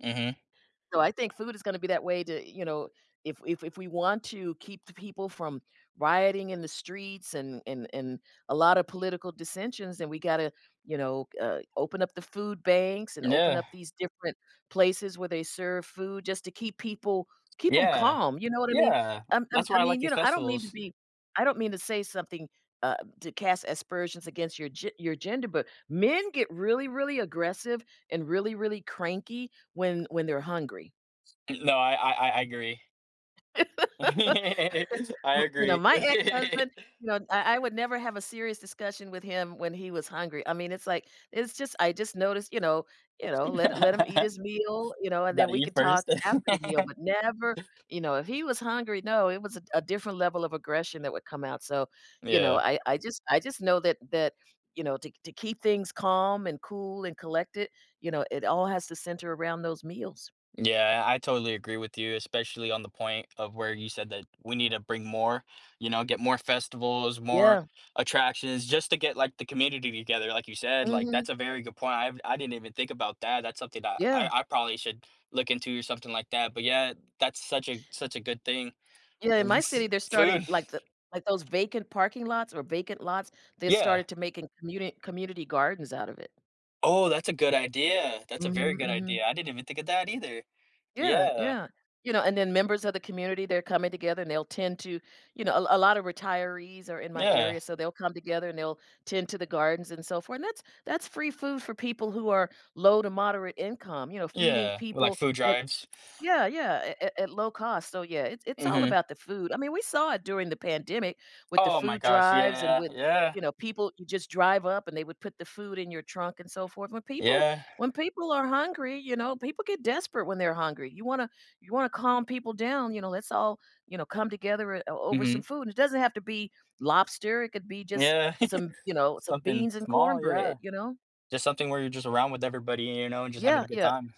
Mhm. So I think food is gonna be that way to, you know if if if we want to keep the people from rioting in the streets and and and a lotta political dissensions, then we gotta, you know, uh, open up the food banks and open up Yeah. these different places where they serve food just to keep people keep 'em Yeah, calm, you know what I mean? yeah, I'm I'm that's I why I like mean, you these know, I don't mean to festivals. be I don't mean to say something, uh, to cast aspersions against your ge your gender, but men get really, really aggressive and really, really cranky when when they're hungry. No, I I I agree. I Mm you know, agree. my ex-husband you know, I I would never have a serious discussion with him when he was hungry, I mean, it's like it's just I just noticed you know you know, let hi let him eat his meal, you know, and then Gotta we eat could talk first. after the meal, but never You know, if he was hungry, no, it was a d a different level of aggression that would come out, so, you know, Yeah. I I just I just know that that, you know, to k to keep things calm and cool and collected, you know, it all has to center around those meals. Yeah, I totally agree with you, especially on the point of where you said that we need to bring more, you know, get more festivals, more Yeah. attractions, just to get, like, the community together, like you said, like Mhm. that's a very good point, I've I didn't even think about that, that's something that Yeah. I I probably should look into or something like that, but yeah, that's such a such a good thing. Yeah, in my city, [unintelligible] they're starting Food. like the like those vacant parking lots or vacant lots, they Yeah. started to making communi community gardens out of it. Oh, that's a good idea. That's a very Mhm, good idea. mhm. I didn't even think of that either, Yeah, yeah. yeah. You know, and then members of the community, they're coming together and they'll tend to you know, a l a lot of retirees are in my Yeah. area, so they'll come together and they'll tend to the gardens and so for and that's that's free food for people who are low to moderate income, you know, feeding Yeah, like people food that drives. Yeah, yeah, at at at low cost, so yeah, it's it's all Mhm. about the food. I mean, we saw it during the pandemic with the Oh my food gosh, drives and yeah, with, yeah. you know, people you just drive up and they would put the food in your trunk and so forth, when people Yeah. when people are hungry, you know, people get desperate when they're hungry, you wanna you wanna calm people down, you know, let's all, you know, come together, eh, o over some Mhm. food, and it doesn't have to be lobster, it could be just Yeah, some you know, some something beans and small, yeah, cornbread, you know? just something where you're just around with everybody, you know, and just having Yeah, a good yeah, time.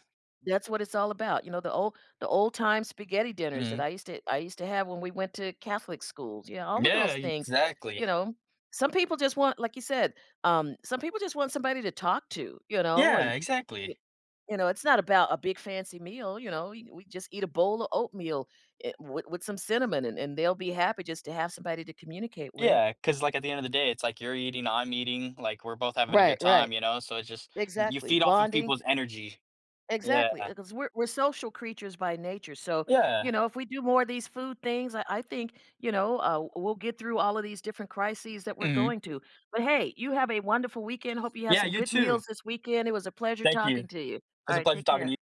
that's what it's all about, you know, the old the old time spaghetti dinners that I Mhm. used to I used to have when we went to Catholic schools, you know, all of Yeah, those things, you exactly. know. Some people just want, like you said um, some people just want somebody to talk to, you know, Yeah, and, y exactly. you know, it's not about a big fancy meal, you know, e we just eat a bowl of oatmeal, eh, with with some cinnamon and and they'll be happy just to have somebody to communicate with. Yeah, 'cause like at the end of the day, it's like you're eating, I'm eating, like we're both having a Right, good right. time, you know, so it's just, y you Exactly, feed off of bonding people's energy. Yeah. Exactly, uh, 'cause we're we're social creatures by nature, so, Yeah. you know, if we do more of these food things, I I think, you know, uh we'll get through all of these different crises that we're Mhm. going to. But hey, you have a wonderful weekend, hope you have Yeah, some you good too. meals this weekend, it was a pleasure Thank you. talking to you. It's a Alright, pleasure take talking to care. you